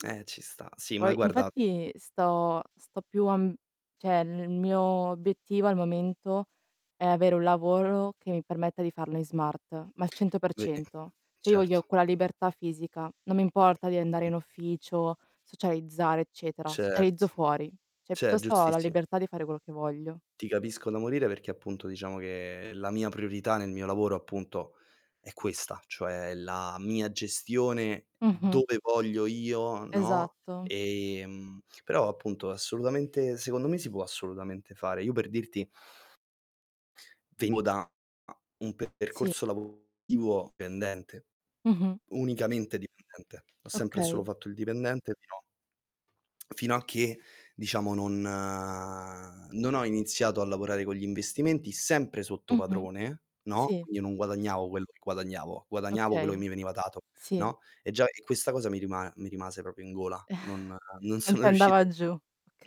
Eh, ci sta Sì, ma Poi guarda. infatti sto sto più a, mh cioè il mio obiettivo al momento è avere un lavoro che mi permetta di farlo in smart, ma al cento per Bene, cento. Cioè io voglio certo. quella libertà fisica, non mi importa di andare in ufficio, socializzare eccetera, socializzo Certo, fuori. Cioè cer piuttosto ho la giustissimo. libertà di fare quello che voglio. Ti capisco da morire, perché appunto diciamo che la mia priorità nel mio lavoro appunto è questa, cioè la mia gestione Mh-mh. dove voglio io, no, Esatto. ehm, però appunto assolutamente secondo me si può assolutamente fare. Io per dirti vengo da un Sì. percorso lavorativo dipendente, Mh-mh. unicamente dipendente. Ho sempre e solo Okay. fatto il dipendente fino fino a che, diciamo non non ho iniziato a lavorare con gli investimenti sempre sotto Mh-mh. padrone, no, Sì. quindi io non guadagnavo quello che guadagnavo, guadagnavo quello che Okay, mi veniva dato, sì. no, e già e questa cosa mi rima mi rimase proprio in gola. Non non Non sono ti riuscito andava a giù,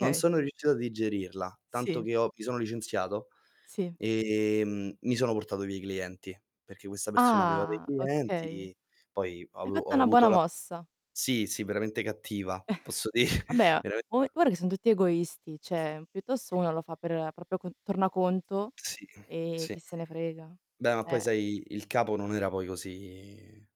non sono riuscito a digerirla, tanto Sì. che ho mi sono licenziato Sì. ehm, mi sono portato via i clienti, perché questa persona aveva dei Ah, okay. clienti, poi ho Hai avu fatto ho una avuto buona la mossa. sì, sì veramente cattiva, posso dire. Vabbè, a Verame gua guarda che sono tutti egoisti, cioè piuttosto una lo fa per proprio con tornaconto Sì, e sì. chi se ne frega, Beh ma poi cioè. sai il capo non era poi così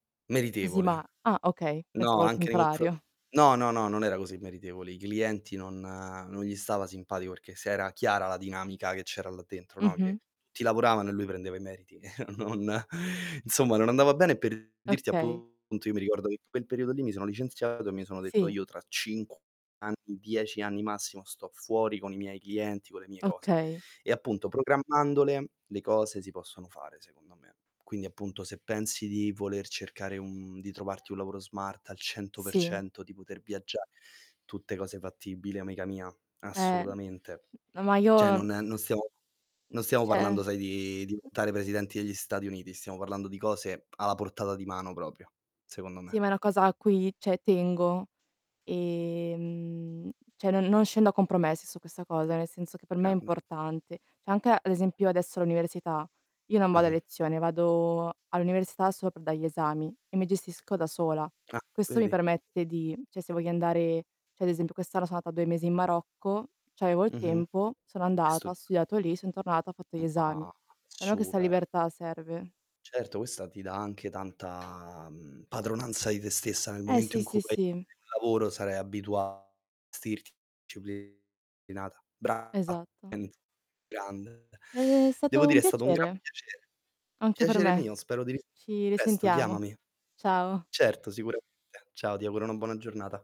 Così ma meritevole. ah, okay No, pensavo al anche nei confro contrario. no no no non era così meritevole. I clienti non non gli stava simpatico, perché se era chiara la dinamica che c'era là dentro, no? Che Mh-mh. ti lavoravano e lui prendeva i meriti. Non insomma non andava bene per dirti Okay. appunto io mi ricordo che in quel periodo lì mi sono licenziato, e mi sono detto Sì. io tra 5 anni, 10 anni massimo, sto fuori con i miei clienti, con le mie cose. Okay. E appunto, programmandole le cose, si possono fare secondo me. Quindi appunto se pensi di voler cercare un di trovarti un lavoro smart al cento per Sì. cento, di poter viaggiare, tutte cose fattibili amica mia, Eh. assolutamente. N ma Cioè io, mh, non non stiamo non stiamo cioè parlando sai di diventare presidenti degli Stati Uniti, stiamo parlando di cose alla portata di mano proprio, secondo Sì, me. ma è una cosa a cui, cioè tengo, ehm, cioè non non scendo a compromessi su questa cosa, nel senso che per me è Grande. importante. Cioè anche ad esempio adesso all'università, io non vado a Mh-mh. lezione, vado all'università solo per dare gli esami e mi gestisco da sola. Ah, Questo mi vedi? permette di, cioè se voglio andare cioè ad esempio, quest'anno sono andata 2 mesi in Marocco, ch'avevo il Mh-mh. tempo, sono andata, ho [unintelligible] studiato lì, sono tornata, ho fatto gli esami. Ah, A me questa super. libertà serve. Certo, questa ti dà anche tanta, uhm, padronanza di te stessa, nel Eh, momento in sì, cui sì, fai sì. lavoro sarai abituata vestirti [unintelligible] brava Esatto. [unintelligible] grande. Ed è Devo stato un dire è stato un gran piacere. piacere. Anche per Piacere me. mio, spero di Ci risentirti presto, risentiamo. chiamami. Ciao. Certo, sicuramente. Ciao, ti auguro una buona giornata.